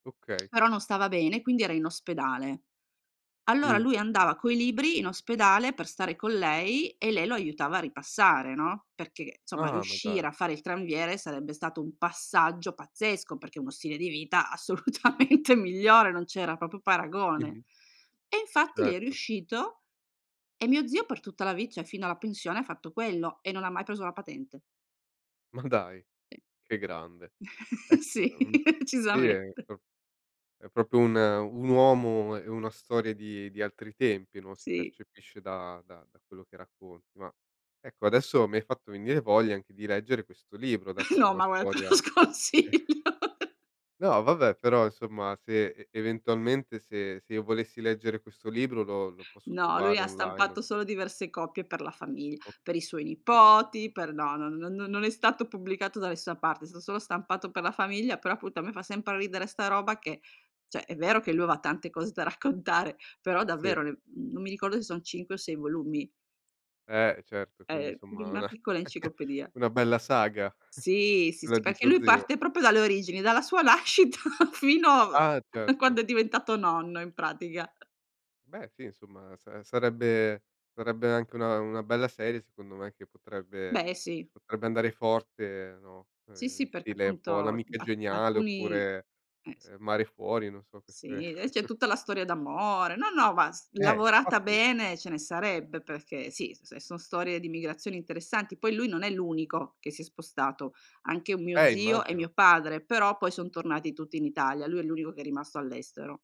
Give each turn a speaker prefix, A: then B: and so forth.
A: Okay.
B: Però non stava bene quindi era in ospedale. Allora
A: Mh.
B: lui andava coi libri in ospedale per stare con lei e lei lo aiutava a ripassare, no, perché insomma
A: Ah, ma dai.
B: riuscire a fare il tranviere sarebbe stato un passaggio pazzesco, perché uno stile di vita assolutamente migliore, non c'era proprio paragone.
A: Mh-mh.
B: E infatti gli è
A: Certo.
B: riuscito e mio zio per tutta la vit cioè fino alla pensione ha fatto quello e non ha mai preso la patente.
A: Ma dai, che grande. Ecco,
B: Sì,
A: è un sì è
B: decisamente.
A: pro è proprio un un uomo e e una storia di di altri tempi, no, si
B: Sì.
A: percepisce da da da quello che racconti. Ma, ecco adesso mi hai fatto venire voglia anche di leggere questo libro, dato che è
B: No,
A: una
B: ma guarda te lo
A: storia eh
B: sconsiglio.
A: No vabbè, però insomma, se e eventualmente se se io volessi leggere questo libro lo lo posso
B: No, lui
A: trovare
B: ha
A: online o
B: stampato solo diverse copie per la famigl per
A: Okay.
B: i suoi
A: Ci sta.
B: nipoti, per no, non non non è stato pubblicato da nessuna parte, son solo stampato per la famiglia, però appunto a me fa sempre ridere sta roba che, cioè, è vero che lui aveva tante cose da raccontare, però
A: Sì.
B: davvero le mhmm non mi ricordo se son 5 o 6 volumi.
A: Eh, e certo quindi
B: È
A: somma
B: una
A: una
B: piccola enciclopedia.
A: una bella saga
B: Sì, sì,
A: quella
B: sì,
A: di
B: perché
A: tuo
B: lui
A: zio.
B: parte proprio dalle origini, dalla sua nascita fino
A: Ah,
B: a
A: certo.
B: quando è diventato nonno in pratica.
A: Beh sì, insomma sa sarebbe sarebbe anche una una bella serie secondo me, che potrebbe
B: Beh, sì.
A: potrebbe andare forte, no,
B: Sì,
A: uhm, in
B: sì perché
A: stile un po'
B: appunto
A: L'Amica
B: ap
A: Geniale
B: alcuni
A: oppure,
B: eh sì.
A: uhm, Mare Fuori, non so queste
B: Sì, des c'è tutta la storia d'amore. No, no, vas
A: Eh,
B: lavorata
A: infatti
B: bene ce ne sarebbe perché sì, s è s son storie di migrazioni interessanti, poi lui non è l'unico che si è spostato, anche un mio
A: Eh,
B: zio e
A: immagino.
B: mio padre, però poi son tornati tutti in Italia. Lui è l'unico che è rimasto all'estero.